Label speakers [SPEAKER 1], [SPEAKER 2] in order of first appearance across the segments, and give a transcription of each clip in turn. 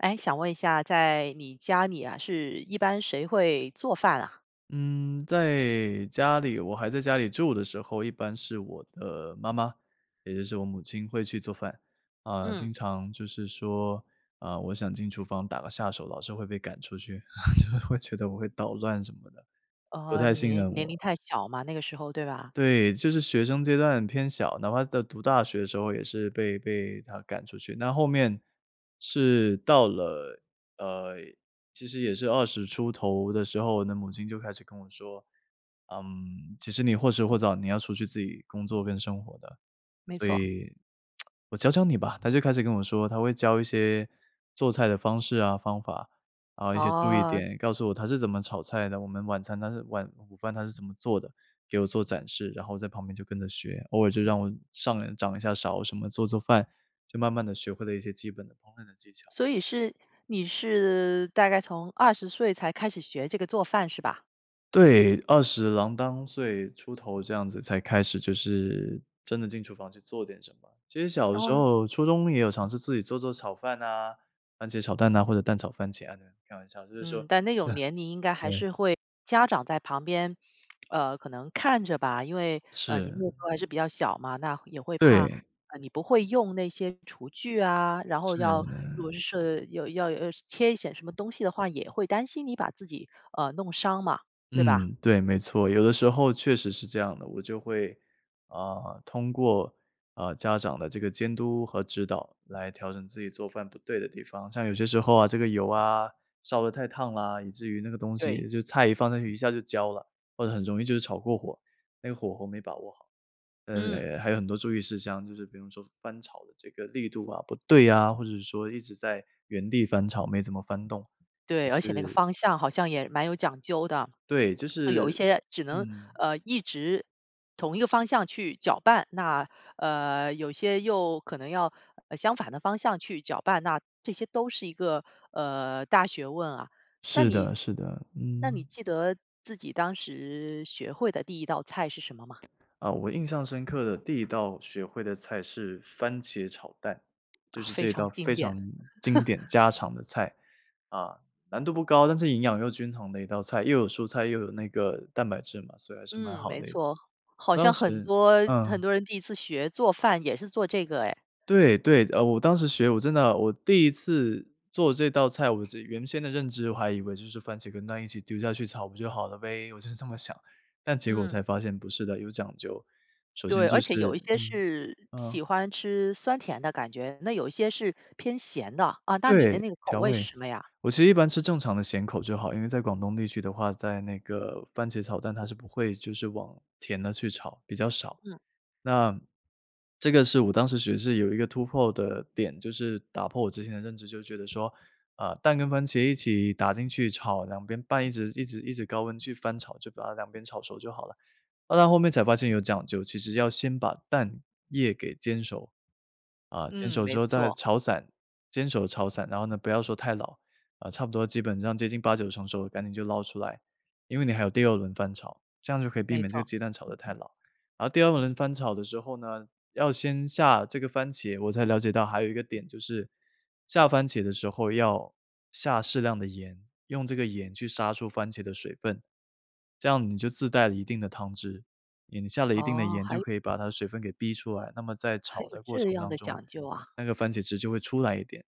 [SPEAKER 1] 哎，想问一下，在你家里啊，是一般谁会做饭啊？
[SPEAKER 2] 嗯，在家里我还在家里住的时候，一般是我的妈妈，也就是我母亲会去做饭。啊，
[SPEAKER 1] 嗯。
[SPEAKER 2] 经常就是说，啊，我想进厨房打个下手，老是会被赶出去。会觉得我会捣乱什么的，不
[SPEAKER 1] 哦，
[SPEAKER 2] 太
[SPEAKER 1] 你
[SPEAKER 2] 信任
[SPEAKER 1] 年年龄
[SPEAKER 2] 我。
[SPEAKER 1] 太小嘛，那个时候，对吧？
[SPEAKER 2] 对，就是学生阶段偏小，哪怕在读大学的时候也是被被她赶出去。那后面是到了，呃，其实也是20出头的时候，那母亲就开始跟我说：“嗯，其实你或迟或早，你要出去自己工作跟生活的。
[SPEAKER 1] 没
[SPEAKER 2] 所
[SPEAKER 1] 错。
[SPEAKER 2] 以，我教教你吧。”她就开始跟我说，她会教一些做菜的方式啊方法，啊一些注意
[SPEAKER 1] 哦。
[SPEAKER 2] 点，告诉我她是怎么炒菜的，我们晚餐她是晚午饭她是怎么做的。给我做展示，然后在旁边就跟着学，偶尔就让我上来掌一下勺什么，做做饭。就慢慢地学会了一些基本的烹饪的技巧。
[SPEAKER 1] 所以是你是大概从20岁才开始学这个做饭，是吧？
[SPEAKER 2] 对，20郎当岁出头这样子，才开始就是真的进厨房去做点什么。其实小的
[SPEAKER 1] 然
[SPEAKER 2] 时
[SPEAKER 1] 后
[SPEAKER 2] 候，初中也有尝试自己做做炒饭哪，番茄炒蛋哪，或者蛋炒番茄啊这样，开玩笑，就是说
[SPEAKER 1] 嗯，但那种年龄应该 还
[SPEAKER 2] 对。
[SPEAKER 1] 是会家长在旁边，呃，可能看着吧。因为，呃，你那
[SPEAKER 2] 是。
[SPEAKER 1] 时候还是比较小嘛，那也会怕，
[SPEAKER 2] 对。
[SPEAKER 1] 呃，你不会用那些厨具啊，然后要如
[SPEAKER 2] 是。
[SPEAKER 1] 果是有要呃，切一些什么东西的话，也会担心你把自己，呃，弄伤嘛，对吧？
[SPEAKER 2] 嗯，对，没错，有的时候确实是这样的。我就会，啊，通过，呃，家长的这个监督和指导，来调整自己做饭不对的地方。像有些时候啊这个油啊，烧的太烫啦，以至于那个东
[SPEAKER 1] 对。
[SPEAKER 2] 西就菜一放上去一下就焦了，或者很容易就是炒过火，那个火候没把握好，呃，
[SPEAKER 1] 嗯。
[SPEAKER 2] 呃，还有很多注意事项，就是比如说翻炒的这个力度啊，不对呀，或者是说一直在原地翻炒，没怎么翻动，
[SPEAKER 1] 对，
[SPEAKER 2] 也
[SPEAKER 1] 而且那个
[SPEAKER 2] 是
[SPEAKER 1] 方向好像也蛮有讲究的，
[SPEAKER 2] 对，就
[SPEAKER 1] 有一
[SPEAKER 2] 是
[SPEAKER 1] 些只能，
[SPEAKER 2] 嗯。
[SPEAKER 1] 呃，一直同一个方向去搅拌，那，呃，有些又可能要，呃，相反的方向去搅拌，那这些都是一个，呃，大学问啊，那
[SPEAKER 2] 是
[SPEAKER 1] 你
[SPEAKER 2] 的，是的，
[SPEAKER 1] 那你
[SPEAKER 2] 嗯。
[SPEAKER 1] 记得自己当时，学会的第1道菜是什么吗？
[SPEAKER 2] 呃，我印象深刻的第1道学会的菜是番茄炒蛋，就
[SPEAKER 1] 啊，
[SPEAKER 2] 是这
[SPEAKER 1] 非
[SPEAKER 2] 一道
[SPEAKER 1] 常经
[SPEAKER 2] 非
[SPEAKER 1] 典。
[SPEAKER 2] 常 经典家常的菜。啊，难度不高，但是营养又均衡的一道菜，又有蔬菜又有那个蛋白质嘛，所以还是蛮
[SPEAKER 1] 嗯，
[SPEAKER 2] 好
[SPEAKER 1] 没
[SPEAKER 2] 的一
[SPEAKER 1] 错，
[SPEAKER 2] 我
[SPEAKER 1] 好
[SPEAKER 2] 当
[SPEAKER 1] 像很
[SPEAKER 2] 时
[SPEAKER 1] 多很
[SPEAKER 2] 嗯。
[SPEAKER 1] 多人第1次学做饭，也是做这个哎。
[SPEAKER 2] 对，对，呃，我当时学，我真的，我第次做这道菜，我这原先的认知，我还以为就是番茄跟蛋一起丢下去炒不就好了呗，我就是这么想，但结果
[SPEAKER 1] 嗯。
[SPEAKER 2] 才发现不是的，有讲究，首先
[SPEAKER 1] 对，
[SPEAKER 2] 就
[SPEAKER 1] 而且有一
[SPEAKER 2] 是
[SPEAKER 1] 些
[SPEAKER 2] 嗯，
[SPEAKER 1] 是
[SPEAKER 2] 嗯。
[SPEAKER 1] 喜欢吃酸甜的感觉，那有一些是偏咸的，啊，那你的
[SPEAKER 2] 对，
[SPEAKER 1] 那个口
[SPEAKER 2] 调
[SPEAKER 1] 味是
[SPEAKER 2] 味。
[SPEAKER 1] 什么呀？
[SPEAKER 2] 我其实一般吃正常的咸口就好，因为在广东地区的话，在那个番茄炒蛋，它是不会就是往甜的去炒，比较少。
[SPEAKER 1] 嗯。
[SPEAKER 2] 那，这个是我当时其实是有一个突破的点，就是打破我之前的认知，就觉得说，啊，蛋跟番茄一起打进去炒，2边拌一直一直一直高温去翻炒，就把它2边炒熟就好了。啊，那后面才发现有讲究，其实要先把蛋液给煎熟，啊，煎
[SPEAKER 1] 嗯，
[SPEAKER 2] 熟
[SPEAKER 1] 没
[SPEAKER 2] 之后再
[SPEAKER 1] 错。
[SPEAKER 2] 炒散，煎熟炒散，然后呢不要说太老，呃，差不多基本上接近8-9成熟赶紧就捞出来，因为你还有第2轮翻炒，这样就可以避
[SPEAKER 1] 没
[SPEAKER 2] 免这个
[SPEAKER 1] 错。
[SPEAKER 2] 鸡蛋炒得太老。然后第2轮翻炒的时候呢，要先下这个番茄，我才了解到还有一个点就是，下番茄的时候要下适量的盐，用这个盐去杀出番茄的水分，这样你就自带了一定的汤汁，你下了一定的
[SPEAKER 1] 哦，
[SPEAKER 2] 盐
[SPEAKER 1] 还
[SPEAKER 2] 就
[SPEAKER 1] 有
[SPEAKER 2] 可以把它的水分给逼出来，那么在
[SPEAKER 1] 还
[SPEAKER 2] 炒
[SPEAKER 1] 有
[SPEAKER 2] 的过
[SPEAKER 1] 这
[SPEAKER 2] 程
[SPEAKER 1] 样
[SPEAKER 2] 当
[SPEAKER 1] 的
[SPEAKER 2] 中，
[SPEAKER 1] 讲究啊？
[SPEAKER 2] 那个番茄汁就会出来一点，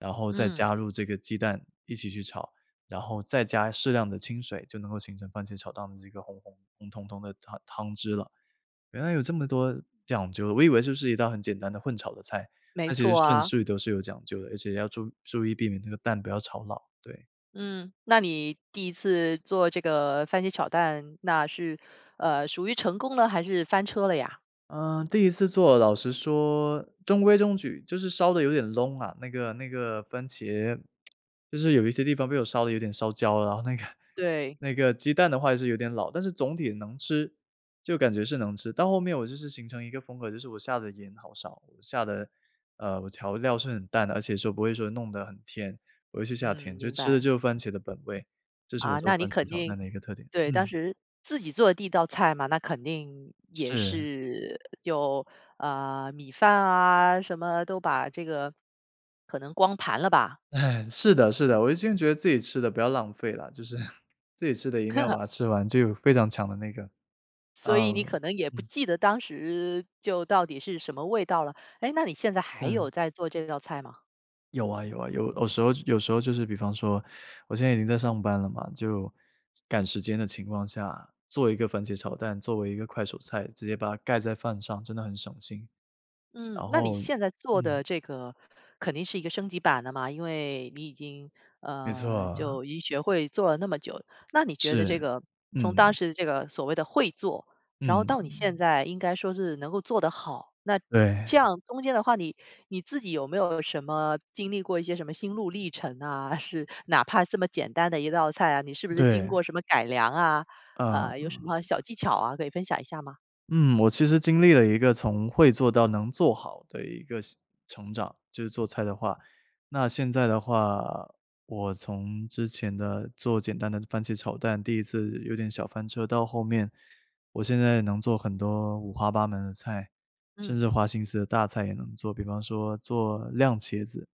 [SPEAKER 2] 然后再
[SPEAKER 1] 嗯。
[SPEAKER 2] 加入这个鸡蛋一起去炒，然后再加适量的清水，就能够形成番茄炒蛋的这个红红红彤彤的汤汤汁了。原来有这么多讲究，我以为就是一道很简单的混炒的菜，
[SPEAKER 1] 没
[SPEAKER 2] 它其实
[SPEAKER 1] 错
[SPEAKER 2] 顺
[SPEAKER 1] 啊。
[SPEAKER 2] 序都是有讲究的，而且要注注意避免这个蛋不要炒老，对。
[SPEAKER 1] 嗯，那你第1次做这个番茄炒蛋，那是，呃，属于成功了，还是翻车了呀？
[SPEAKER 2] 呃，第1次做老实说中规中矩，就是烧得有点窿啊，那个那个番茄，就是有一些地方被我烧得有点烧焦了，然后那个
[SPEAKER 1] 对。
[SPEAKER 2] 那个鸡蛋的话也是有点老，但是总体能吃，就感觉是能吃，到后面我就是形成一个风格，就是我下的盐好少，下的呃，我调料是很淡的，而且说不会说弄得很甜，我会去下
[SPEAKER 1] 嗯，
[SPEAKER 2] 甜，就
[SPEAKER 1] 明
[SPEAKER 2] 吃的
[SPEAKER 1] 白。
[SPEAKER 2] 就是番茄的本味，这是我
[SPEAKER 1] 啊，
[SPEAKER 2] 做
[SPEAKER 1] 那你
[SPEAKER 2] 番茄
[SPEAKER 1] 肯
[SPEAKER 2] 炒蛋
[SPEAKER 1] 定
[SPEAKER 2] 的一个特点，
[SPEAKER 1] 对，当
[SPEAKER 2] 嗯。
[SPEAKER 1] 时自己做的第1道菜嘛，那肯定也
[SPEAKER 2] 是。
[SPEAKER 1] 是有，呃，米饭啊什么，都把这个可能光盘了吧？
[SPEAKER 2] 是的，是的，我一直也觉得自己吃的不要浪费了，就是自己吃的一定要把 它吃完，就有非常强的那个，
[SPEAKER 1] 所以你
[SPEAKER 2] 哦，
[SPEAKER 1] 可能也不
[SPEAKER 2] 嗯。
[SPEAKER 1] 记得当时，就到底是什么味道了，哎，那你现在还
[SPEAKER 2] 嗯。
[SPEAKER 1] 有在做这道菜吗？
[SPEAKER 2] 有啊，有啊，有有时候有时候就是比方说，我现在已经在上班了嘛，就赶时间的情况下，做一个番茄炒蛋，作为一个快手菜，直接把它盖在饭上，真的很省心。
[SPEAKER 1] 嗯，
[SPEAKER 2] 然
[SPEAKER 1] 那你
[SPEAKER 2] 后
[SPEAKER 1] 现在做
[SPEAKER 2] 嗯。
[SPEAKER 1] 的这个肯定是一个升级版的嘛，因为你已经，
[SPEAKER 2] 没
[SPEAKER 1] 呃，
[SPEAKER 2] 错。
[SPEAKER 1] 就已经学会做了那么久，那你觉得
[SPEAKER 2] 是，
[SPEAKER 1] 这个，从当
[SPEAKER 2] 嗯。
[SPEAKER 1] 时这个所谓的会做，然后
[SPEAKER 2] 嗯。
[SPEAKER 1] 到你现在应该说是能够做得好，那这
[SPEAKER 2] 对。
[SPEAKER 1] 样中间的话，你你自己有没有什么经历过一些什么心路历程啊，是哪怕这么简单的一道菜啊，你是不是经
[SPEAKER 2] 对。
[SPEAKER 1] 过什么改良啊，
[SPEAKER 2] 呃。
[SPEAKER 1] 呃，有什么小技巧啊，可以分享一下吗？
[SPEAKER 2] 嗯，我其实经历了一个从会做到能做好的一个是成长，就是做菜的话。那现在的话，我从之前的，做简单的番茄炒蛋，第1次有点小翻车，到后面，我现在能做很多五花八门的菜，甚
[SPEAKER 1] 嗯。
[SPEAKER 2] 至花心思的大菜也能做，比方说做酿茄子。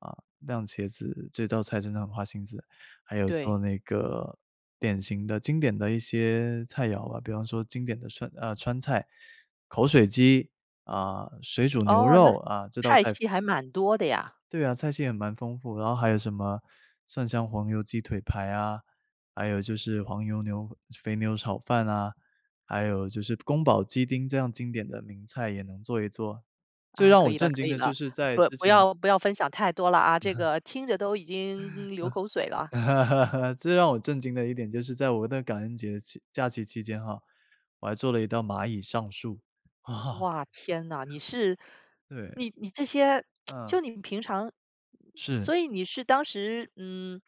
[SPEAKER 2] 啊，酿茄子，这道菜真的很花心思，还有做
[SPEAKER 1] 对。
[SPEAKER 2] 那个典型的经典的一些菜肴啊，比方说经典的川啊，川菜、口水鸡，啊，水煮牛
[SPEAKER 1] 哦，那
[SPEAKER 2] 肉啊，这道
[SPEAKER 1] 派
[SPEAKER 2] 菜
[SPEAKER 1] 系还蛮多的呀。
[SPEAKER 2] 对啊，菜系还蛮丰富，然后还有什么蒜香黄油鸡腿排啊，还有就是黄油牛肥牛炒饭哪，还有就是宫保鸡丁这样经典的名菜也能做一做，最
[SPEAKER 1] 啊，
[SPEAKER 2] 让
[SPEAKER 1] 可
[SPEAKER 2] 我
[SPEAKER 1] 以了，
[SPEAKER 2] 震惊
[SPEAKER 1] 可以
[SPEAKER 2] 的就
[SPEAKER 1] 了，
[SPEAKER 2] 是在
[SPEAKER 1] 不
[SPEAKER 2] 之
[SPEAKER 1] 不
[SPEAKER 2] 前
[SPEAKER 1] 要不要分享太多了啊，这个听着都已经流口水 了。
[SPEAKER 2] 最让我震惊的一点，就是在我的感恩节期假期期间哈，我还做了一道蚂蚁上树。
[SPEAKER 1] 哇，天哪，你是
[SPEAKER 2] 对。
[SPEAKER 1] 你你这些，
[SPEAKER 2] 嗯。
[SPEAKER 1] 就你平常
[SPEAKER 2] 是。
[SPEAKER 1] 所以你是当时，嗯，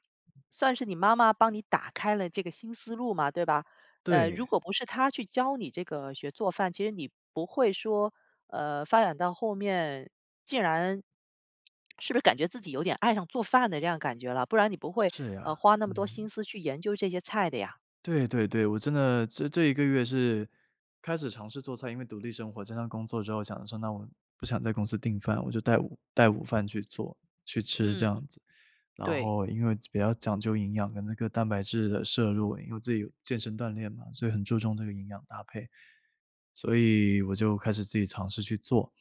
[SPEAKER 1] 算是你妈妈帮你打开了这个新思路嘛，对吧？呃，如
[SPEAKER 2] 对。
[SPEAKER 1] 果不是她去教你这个学做饭，其实你不会说，呃，发展到后面，竟然是不是感觉自己有点爱上做饭的这样感觉了，不然你不会，
[SPEAKER 2] 是
[SPEAKER 1] 呃，
[SPEAKER 2] 呀，
[SPEAKER 1] 花那么多
[SPEAKER 2] 嗯。
[SPEAKER 1] 心思去研究这些菜的呀。
[SPEAKER 2] 对，对，对，我真的这这1个月是开始尝试做菜，因为独立生活、经常工作之后想要说，那我不想在公司订饭，我就带午带午饭去做去吃这
[SPEAKER 1] 嗯。
[SPEAKER 2] 样子。然
[SPEAKER 1] 对。
[SPEAKER 2] 后因为比较讲究营养跟那个蛋白质的摄入，因为自己有健身锻炼嘛，所以很注重这个营养搭配，所以我就开始自己尝试去做。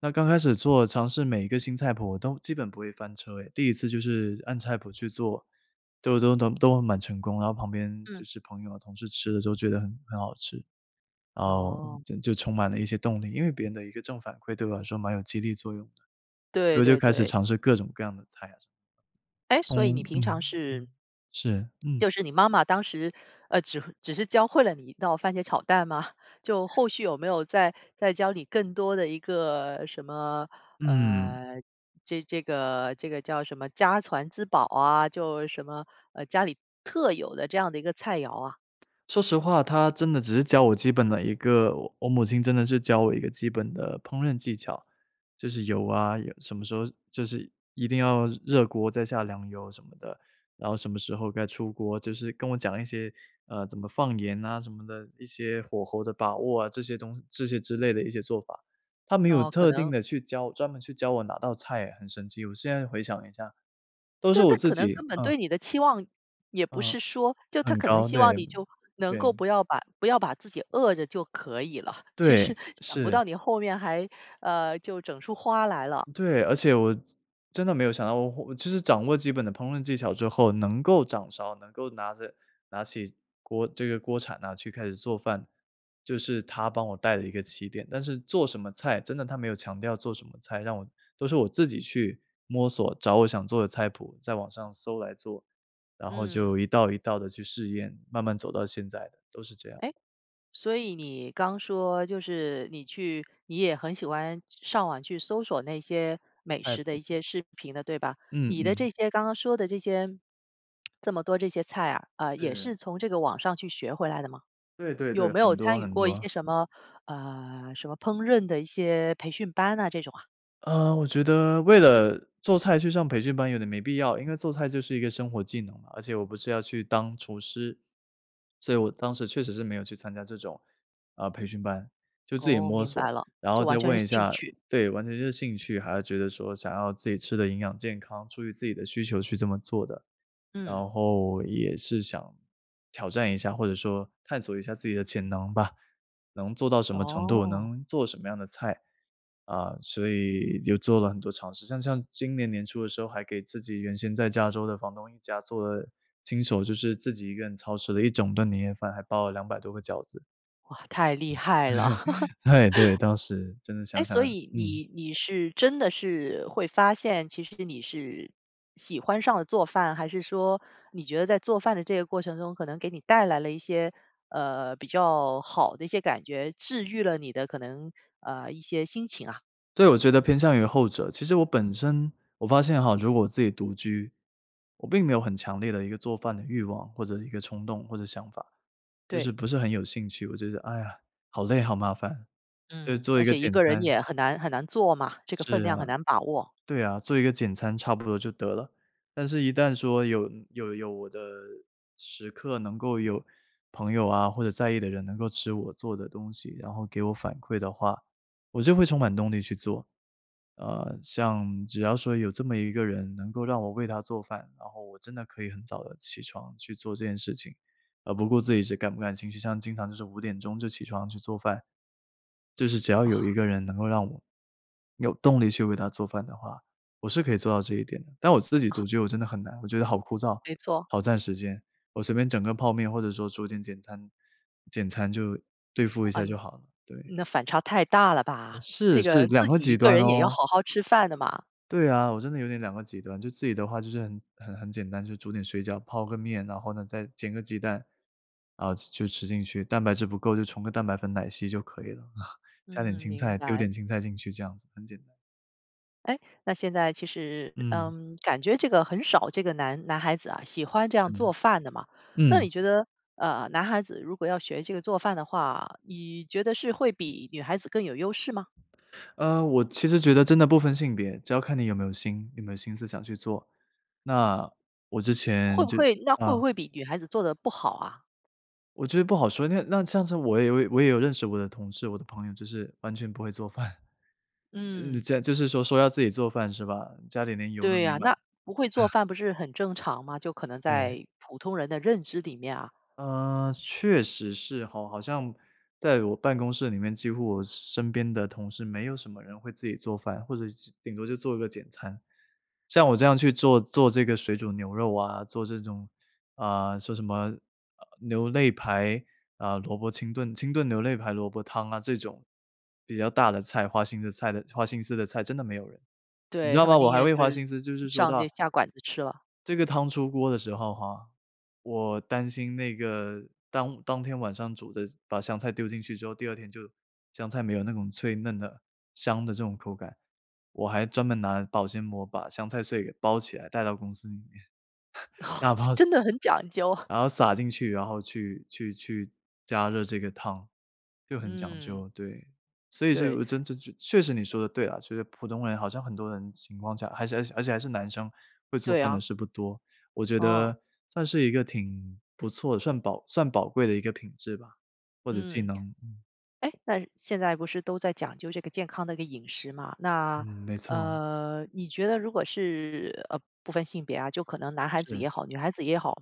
[SPEAKER 2] 那刚开始做，尝试每一个新菜谱都基本不会翻车哎，第1次就是按菜谱去做，都都都都蛮成功，然后旁边就
[SPEAKER 1] 嗯。
[SPEAKER 2] 是朋友啊、同事吃着都觉得很很好吃，然后
[SPEAKER 1] 哦。
[SPEAKER 2] 就就充满了一些动力，因为别人的一个正反馈对我来说，蛮有激励作用的，
[SPEAKER 1] 对，
[SPEAKER 2] 我就
[SPEAKER 1] 对，
[SPEAKER 2] 开始
[SPEAKER 1] 对。
[SPEAKER 2] 尝试各种各样的菜啊什么。
[SPEAKER 1] 哎，
[SPEAKER 2] 嗯，
[SPEAKER 1] 所以你
[SPEAKER 2] 嗯，
[SPEAKER 1] 平常
[SPEAKER 2] 嗯，
[SPEAKER 1] 是
[SPEAKER 2] 是，嗯。
[SPEAKER 1] 就是你妈妈当时，呃，只只是教会了你一道番茄炒蛋吗？就后
[SPEAKER 2] 。
[SPEAKER 1] 续有没有再再教你更多的一个什么，
[SPEAKER 2] 嗯。
[SPEAKER 1] 呃，这这个这个叫什么家传之宝啊，就什么，呃，家里特有的这样的一个菜肴啊。
[SPEAKER 2] 说实话她真的只是教我基本的一个我我母亲真的是教我一个基本的烹饪技巧。就是油啊，盐什么时候就是一定要热锅再下凉油什么的，然后什么时候该出锅，就是跟我讲一些，呃，怎么放盐啊什么的，一些火候的把握啊，这些东这些之类的一些做法。她没有
[SPEAKER 1] 哦，可
[SPEAKER 2] 特定
[SPEAKER 1] 能
[SPEAKER 2] 地去教，专门去教我哪道菜哎，很神奇，我现在回想一下，都是
[SPEAKER 1] 对，
[SPEAKER 2] 我
[SPEAKER 1] 她
[SPEAKER 2] 自
[SPEAKER 1] 可能
[SPEAKER 2] 己
[SPEAKER 1] 根本
[SPEAKER 2] 嗯。
[SPEAKER 1] 对你的期望也不是
[SPEAKER 2] 呃，
[SPEAKER 1] 说就她
[SPEAKER 2] 很
[SPEAKER 1] 可能
[SPEAKER 2] 高，
[SPEAKER 1] 希
[SPEAKER 2] 对，
[SPEAKER 1] 望你，就能
[SPEAKER 2] 对。
[SPEAKER 1] 够不要把不要把自己饿着就可以了，其实
[SPEAKER 2] 对，
[SPEAKER 1] 想不
[SPEAKER 2] 是。
[SPEAKER 1] 到你后面还呃，就整出花来了。
[SPEAKER 2] 对，而且我真真的没有想到我我就是掌握基本的烹饪技巧之后，能够掌勺，能够拿着拿起锅这个锅铲哪，去开始做饭。就是她帮我带了一个起点，但是做什么菜，真的她没有强调做什么菜，让我都是我自己去摸索，找我想做的菜谱，在网上搜来做，然后就
[SPEAKER 1] 嗯。
[SPEAKER 2] 一道一道地去试验，慢慢走到现在的，都是这样。
[SPEAKER 1] 哎，所以你刚说就是你去你也很喜欢上网去搜索那些美
[SPEAKER 2] 菜
[SPEAKER 1] 食的
[SPEAKER 2] 谱。
[SPEAKER 1] 一些视频的，对吧？
[SPEAKER 2] 嗯，
[SPEAKER 1] 你的
[SPEAKER 2] 嗯。
[SPEAKER 1] 这些刚刚说的这些，这么多这些菜啊，呃，也
[SPEAKER 2] 是。
[SPEAKER 1] 是从这个网上去学回来的吗？
[SPEAKER 2] 对，对，
[SPEAKER 1] 有
[SPEAKER 2] 对，
[SPEAKER 1] 没有
[SPEAKER 2] 很多，
[SPEAKER 1] 参与
[SPEAKER 2] 很
[SPEAKER 1] 过一
[SPEAKER 2] 多。
[SPEAKER 1] 些什么，呃，什么烹饪的一些培训班哪，这种啊？
[SPEAKER 2] 呃，我觉得为了做菜去上培训班，有点没必要，因为做菜就是一个生活技能嘛，而且我不是要去当厨师。所以我当时确实是没有去参加这种，啊，培训班，就自己
[SPEAKER 1] 哦，
[SPEAKER 2] 摸
[SPEAKER 1] 明
[SPEAKER 2] 索，
[SPEAKER 1] 白了，
[SPEAKER 2] 然
[SPEAKER 1] 就
[SPEAKER 2] 后再
[SPEAKER 1] 完全是
[SPEAKER 2] 问一
[SPEAKER 1] 兴
[SPEAKER 2] 下
[SPEAKER 1] 趣。
[SPEAKER 2] 对，完全就是兴趣，还要觉得说，想要自己吃得营养健康，出于自己的需求去这么做的。然
[SPEAKER 1] 嗯。
[SPEAKER 2] 后也是想挑战一下，或者说探索一下自己的潜能吧，能做到什么程度，
[SPEAKER 1] 哦。
[SPEAKER 2] 能做什么样的菜。啊，所以又做了很多尝试，像像今年年初的时候，还给自己原先在加州的房东一家，做了亲手就是自己一个人操持了一整顿年夜饭，还包了200多个饺子。
[SPEAKER 1] 哇，太厉害了。
[SPEAKER 2] 哎，对，当时，真的
[SPEAKER 1] 哎，
[SPEAKER 2] 想想
[SPEAKER 1] 所以
[SPEAKER 2] 嗯。
[SPEAKER 1] 你你是真的是会发现，其实你是喜欢上了做饭，还是说你觉得在做饭的这个过程中可能给你带来了一些，呃，比较好的一些感觉，治愈了你的可能，呃，一些心情啊。
[SPEAKER 2] 对，我觉得偏向于后者。其实我本身我发现哈，如果我自己独居，我并没有很强烈的一个做饭的欲望，或者一个冲动，或者想法。就是
[SPEAKER 1] 对。
[SPEAKER 2] 不是很有兴趣，我觉得-哎呀，好累好麻烦，就
[SPEAKER 1] 嗯，
[SPEAKER 2] 做
[SPEAKER 1] 而
[SPEAKER 2] 一个
[SPEAKER 1] 且一
[SPEAKER 2] 简
[SPEAKER 1] 个人
[SPEAKER 2] 餐
[SPEAKER 1] 也很难很难做嘛，这个分
[SPEAKER 2] 是啊，
[SPEAKER 1] 量很难把握。
[SPEAKER 2] 对啊，做一个简餐差不多就得了。但是一旦说有有有我的时刻，能够有朋友啊，或者在意的人能够吃我做的东西，然后给我反馈的话，我就会充满动力去做。呃，像只要说有这么一个人能够让我为她做饭，然后我真的可以很早的起床去做这件事情，而不顾自己是感不感兴趣，像经常就是5点钟就起床去做饭。就是只要有一
[SPEAKER 1] 啊。
[SPEAKER 2] 个人能够让我有动力去为她做饭的话，我是可以做到这一点，但我自己
[SPEAKER 1] 啊。
[SPEAKER 2] 独居我真的很难。我觉得好枯燥，
[SPEAKER 1] 没错。
[SPEAKER 2] 好占时间，我随便整个泡面或者说做点简餐简餐就对付一下就
[SPEAKER 1] 嗯，
[SPEAKER 2] 好了，对。
[SPEAKER 1] 那反差太大了
[SPEAKER 2] 呃
[SPEAKER 1] 吧，
[SPEAKER 2] 是，
[SPEAKER 1] 这
[SPEAKER 2] 是，
[SPEAKER 1] 个
[SPEAKER 2] 2
[SPEAKER 1] 自
[SPEAKER 2] 个
[SPEAKER 1] 己一
[SPEAKER 2] 极
[SPEAKER 1] 个
[SPEAKER 2] 端
[SPEAKER 1] 人也要
[SPEAKER 2] 哦。
[SPEAKER 1] 好好吃饭的嘛。
[SPEAKER 2] 对啊，我真的有点2个极端，就自己的话就是很很很简单，就是煮点水饺泡个面，然后呢，再煎个鸡蛋，啊 吃 就吃进去，蛋白质不够就冲个蛋白粉奶昔就可以了，啊，加点
[SPEAKER 1] 嗯，
[SPEAKER 2] 青
[SPEAKER 1] 明
[SPEAKER 2] 菜丢
[SPEAKER 1] 白。
[SPEAKER 2] 点青菜进去这样子，很简单。
[SPEAKER 1] 哎？那现在其实，
[SPEAKER 2] 嗯。
[SPEAKER 1] 嗯，感觉这个很少这个男男孩子啊，喜欢这样做
[SPEAKER 2] [unintelligible]
[SPEAKER 1] 饭的嘛。那
[SPEAKER 2] 嗯。
[SPEAKER 1] 你觉得，呃，男孩子如果要学这个做饭的话，你觉得是会比女孩子更有优势吗？
[SPEAKER 2] 呃，我其实觉得真的不分性别，只要看你有没有心有没有心思想去做。那我之
[SPEAKER 1] 会
[SPEAKER 2] 前
[SPEAKER 1] 不
[SPEAKER 2] 就
[SPEAKER 1] 会那会不
[SPEAKER 2] 啊。
[SPEAKER 1] 会比女孩子做得不好啊？
[SPEAKER 2] 我觉得不好说，那那这样子我也有也我也有认识我的同事、我的朋友，就是完全不会做饭。就是
[SPEAKER 1] 嗯。
[SPEAKER 2] 这样就是说说要自己做饭是吧？家里连油都
[SPEAKER 1] 对
[SPEAKER 2] 没
[SPEAKER 1] 呀，
[SPEAKER 2] 买。
[SPEAKER 1] 那不会做 饭不是很正常吗？就可能
[SPEAKER 2] 对。
[SPEAKER 1] 在普通人的认知里面啊。
[SPEAKER 2] 呃，是确实是吼，好像在我办公室里面几乎我身边的同事没有什么人会自己做饭，或者是顶多就做一个简餐。像我这样去做做这个水煮牛肉啊，做这种，啊，说什么，啊啊牛肋排，啊，萝卜清炖清炖牛肋排萝卜汤啊这种，比较大的菜花心的菜的花心思的菜，真的没有人。你知
[SPEAKER 1] 对，
[SPEAKER 2] 道
[SPEAKER 1] 他
[SPEAKER 2] 吗？
[SPEAKER 1] 们
[SPEAKER 2] 我
[SPEAKER 1] 宁
[SPEAKER 2] 还
[SPEAKER 1] 愿
[SPEAKER 2] 会
[SPEAKER 1] 就
[SPEAKER 2] 花
[SPEAKER 1] 是
[SPEAKER 2] 心思就是说
[SPEAKER 1] 上
[SPEAKER 2] 到
[SPEAKER 1] 这下馆子吃了。
[SPEAKER 2] 这个汤出锅的时候哈，我担心那个，当当天晚上煮的把香菜丢进去之后，第二天就香菜没有那种脆嫩的、香的这种口感，我还专门拿保鲜膜把香菜碎给包起来带到公司里面，打
[SPEAKER 1] 这
[SPEAKER 2] 包
[SPEAKER 1] 真的很讲究。
[SPEAKER 2] 然后撒进去，然后去去去加热这个汤，就很讲
[SPEAKER 1] 嗯。
[SPEAKER 2] 究，对。所以就有
[SPEAKER 1] 对。
[SPEAKER 2] 呃真这就确实你说的对啊，所以普通人好像很多人情况下，而且呃，而且还是男生会做
[SPEAKER 1] 对
[SPEAKER 2] 饭的
[SPEAKER 1] 呀。
[SPEAKER 2] 是不多。我觉
[SPEAKER 1] 啊。
[SPEAKER 2] 得算是一个挺不错的，涮宝算宝贵的一个品质吧，或者技
[SPEAKER 1] 嗯。
[SPEAKER 2] 能，嗯。
[SPEAKER 1] 哎？那现在不是都在讲究这个健康的一个饮食吗？
[SPEAKER 2] 嗯，
[SPEAKER 1] 那，
[SPEAKER 2] 没错。
[SPEAKER 1] 呃，你觉得如果是-呃不分性别啊，就可能男孩子
[SPEAKER 2] 是。
[SPEAKER 1] 也好，女孩子也好-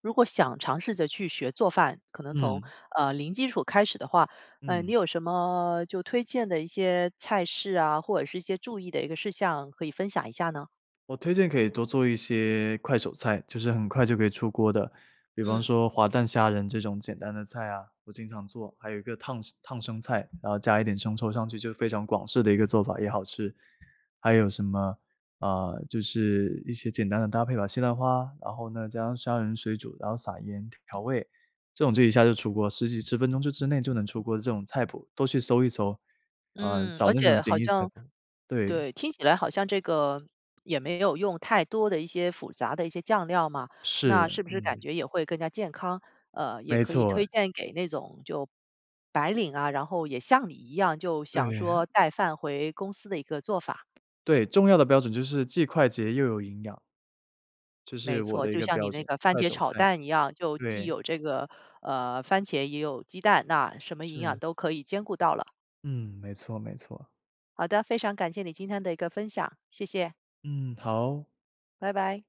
[SPEAKER 1] 如果想尝试着去学做饭，可能从
[SPEAKER 2] 嗯。
[SPEAKER 1] 呃零基础开始的话，呃，你
[SPEAKER 2] 嗯。
[SPEAKER 1] 有什么就推荐的一些菜式啊？或者是一些注意的一个事项可以分享一下呢？
[SPEAKER 2] 我推荐可以多做一些快手菜，就是很快就可以出锅的，比方
[SPEAKER 1] 嗯。
[SPEAKER 2] 说滑蛋虾仁这种简单的菜啊，我经常做，还有一个烫生烫生菜，然后加一点生抽上去就非常广式的一个做法也好吃，还有什么，呃，就是一些简单的搭配吧，西兰花，然后呢加上虾仁水煮，然后撒盐调味，这种就一下就出锅十几10分钟就之内就能出锅的这种菜谱，都去搜一搜，呃，
[SPEAKER 1] 嗯，
[SPEAKER 2] 找
[SPEAKER 1] 而
[SPEAKER 2] 那种
[SPEAKER 1] 且
[SPEAKER 2] 简
[SPEAKER 1] 好
[SPEAKER 2] 易菜
[SPEAKER 1] 像
[SPEAKER 2] 谱，对。
[SPEAKER 1] 对，听起来好像这个也没有用太多的一些复杂的一些酱料嘛，那
[SPEAKER 2] 是，
[SPEAKER 1] 是不是感
[SPEAKER 2] 嗯。
[SPEAKER 1] 觉也会更加健康，呃，也
[SPEAKER 2] 没
[SPEAKER 1] 可以
[SPEAKER 2] 错
[SPEAKER 1] 推
[SPEAKER 2] 哎。
[SPEAKER 1] 荐给那种就白领啊，然后也像你一样就想
[SPEAKER 2] 对。
[SPEAKER 1] 说带饭回公司的一个做法。
[SPEAKER 2] 对，重要的标准就是既快捷又有营养这是
[SPEAKER 1] 没
[SPEAKER 2] 我
[SPEAKER 1] 错，
[SPEAKER 2] 的一
[SPEAKER 1] 就
[SPEAKER 2] 个
[SPEAKER 1] 像你
[SPEAKER 2] 标
[SPEAKER 1] 那
[SPEAKER 2] 准，
[SPEAKER 1] 个番
[SPEAKER 2] 快
[SPEAKER 1] 茄
[SPEAKER 2] 手
[SPEAKER 1] 炒
[SPEAKER 2] 菜，
[SPEAKER 1] 蛋一样，就既
[SPEAKER 2] 对。
[SPEAKER 1] 有这个，呃，番茄也有鸡蛋，那什么营养
[SPEAKER 2] 是。
[SPEAKER 1] 都可以兼顾到了。
[SPEAKER 2] 嗯，没错，没错。
[SPEAKER 1] 好的非常感谢你今天的一个分享，谢谢。
[SPEAKER 2] 嗯，好。
[SPEAKER 1] 拜拜。